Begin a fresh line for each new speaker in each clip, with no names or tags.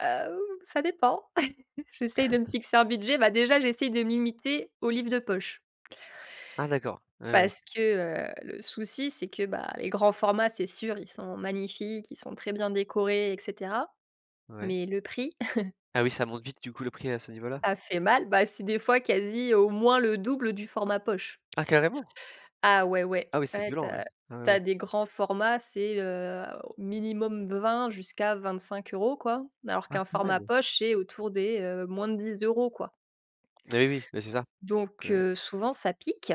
Heu, hou! Ça dépend. J'essaye de me fixer un budget. Bah, déjà, j'essaye de me limiter aux livres de poche
Ah, d'accord. Ouais, ouais, ouais.
parce que, heu, le souci, c'est que, bah, les grands formats, c'est sûr, ils sont magnifiques, ils sont très bien décorés et cetera,
Ouais.
mais le prix.
Ah, oui, ça monte vite, du coup, le prix, à ce niveau-là?
A fait mal. Bah, si des fois, quasi, au moins, le double du format poche.
Ah, carrément?
Ah, ouais, ouais,
Ah, oui, c'est
ouais, tu
violent, ouais,
as
ouais, ouais,
tu
ouais.
as des grands formats, c'est, heu, au minimum 20 jusqu'à 25 €, quoi. Alors
Ah,
qu'un
quand
format
même!
poche, c'est autour des, heu, moins de 10 €, quoi.
Eh, oui. Bah, c'est ça
Donc
donc ouais
heu, souvent, ça pique.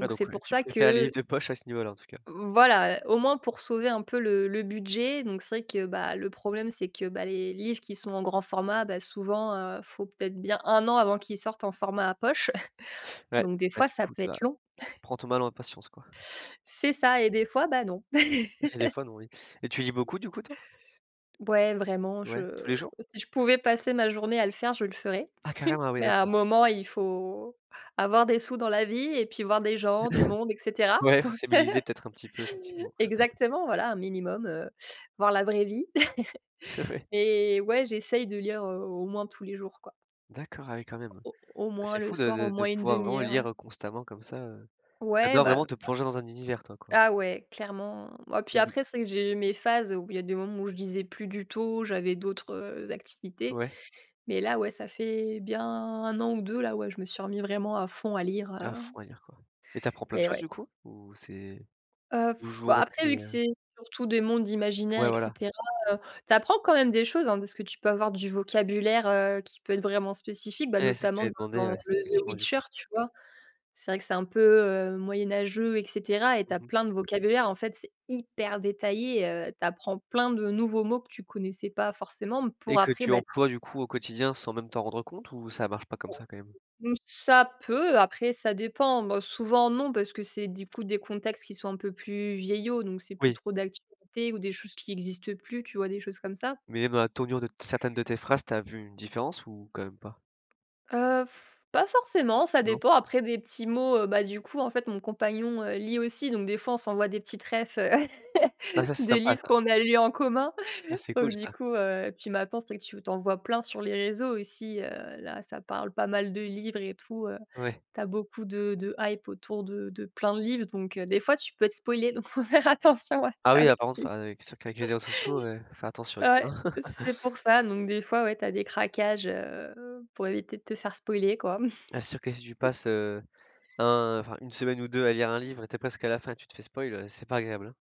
Ouais,
c'est
donc ouais,
pour
tu
ça
préfères les livres
que
de poche, à ce niveau-là, en tout cas.
V voilà, heu, au moins pour sauver un peu le le budget, donc c'est vrai que, bah, le problème, c'est que, bah, les livres qui sont en grand format, bah, souvent, heu, faut peut être bien 1 an avant qu'ils sortent en format poche
Ouais,
donc des
bah,
fois,
du
ça
coup,
peut
tu vas
être long.
prends ton mal en patience, quoi.
C'est ça et des fois, bah, non.
Eh des fois, non oui et tu lis beaucoup, du coup, toi?
Ouais, vraiment,
Ouais. Tous
je
les jours?
si je pouvais passer ma journée à le faire, je le ferais,
Ah, carrément. Ah, oui,
mais à un
d'accord!
moment, il faut avoir des sous dans la vie et puis voir des gens, du monde et cetera,
Ouais,
donc heu
sociabiliser peut-être un petit peu, effectivement.
Exactement, voilà, un minimum, heu, voir la vraie vie.
Oui.
Mais ouais, j'essaye de lire, heu, au moins, tous les jours, quoi.
D'accord, ah, oui, quand même.
Au au moins
C'est
le
fou de
soir, au
de de
moins, une
pouvoir vraiment
demi heure ouais.
lire, heu, constamment comme ça, heu tu
Ouais,
adores
bah,
vraiment te plonger dans un univers, toi, quoi.
ça ah, ouais, clairement! Bah, puis
Mais u
après, c'est que j'ai mes phases où il y des moments où je lisais plus du tout. J'avais d'autres, heu, activités,
Ouais.
mais là, ouais, ça fait bien 1 an ou 2, là, ouais, je me suis remis vraiment à fond à lire,
À
heu
fond à lire, quoi et tu apprends plein de
Eh
choses,
ouais.
du coup? Ou c'est
Heu,, bah,
toujours
après,
très,
vu que
heu
c'est surtout des mondes imaginaires
Ouais,
et
voilà.
cetera, heu, tu apprends quand même des choses, hein, parce que tu peux avoir du vocabulaire, heu, qui peut être vraiment spécifique, bah,
Ouais, c'est ce que
notamment,
j'allais demander,
dans
ouais,
le The
effectivement, du coup.
Witcher. Tu vois? C'est vrai que c'est un peu, heu, moyenâgeux et cetera et tu
Mmh
as
mh.
plein de vocabulaire. En fait, c'est hyper détaillé, heu. Tu apprends plein de nouveaux mots que tu connaissais pas forcément pour,
Et que
après
tu
bah
emploies, du coup, au quotidien, sans même t'en rendre compte ou ça marche pas comme
[unintelligible]
ça, quand même?
Mmh, ça peut. Après ça dépend. Boh, souvent, non, parce que c'est, du coup, des contextes qui sont un peu plus vieillots, donc c'est plus
Oui.
trop d'actualité ou des choses qui existent plus, tu vois? Des choses comme ça.
Mais même dans la tournure de t certaines de tes phrases, tu as vu une différence ou quand même pas?
Heu, pas forcément. Ça
Non.
dépend. Après des petits mots, heu, bah, du coup, en fait, mon compagnon, heu, lit aussi donc des fois, on s'envoie des petites réf, heu,
Bah, ça, c'est
de
sympa,
livres
ça!
qu'on a eu en commun
Ah, c'est cool,
donc du
ça.
coup, heu puis maintenant, c'est vrai que tu tu en vois plein sur les réseaux aussi, heu. Là, ça parle pas mal de livres et tout, heu,
Ouais.
tu as beaucoup de de hype autour de de plein de livres, donc des fois, tu peux être spoilé, donc faut faire attention à
Ah,
ça
oui, là, par contre,
aussi.
enfin, qu c'est sûr qu'avec les réseaux sociaux, heu, faut faire attention avec
Ouais.
ça.
C'est pour ça, donc des fois, ouais, tu as des craquages, heu, pour éviter de te faire spoiler, quoi.
Ah, c'est sûr que si tu passes, heu, un enfin 1 semaine ou 2 à lire un livre et tu es presque à la fin et tu te fais spoil, heu, c'est pas agréable, hein.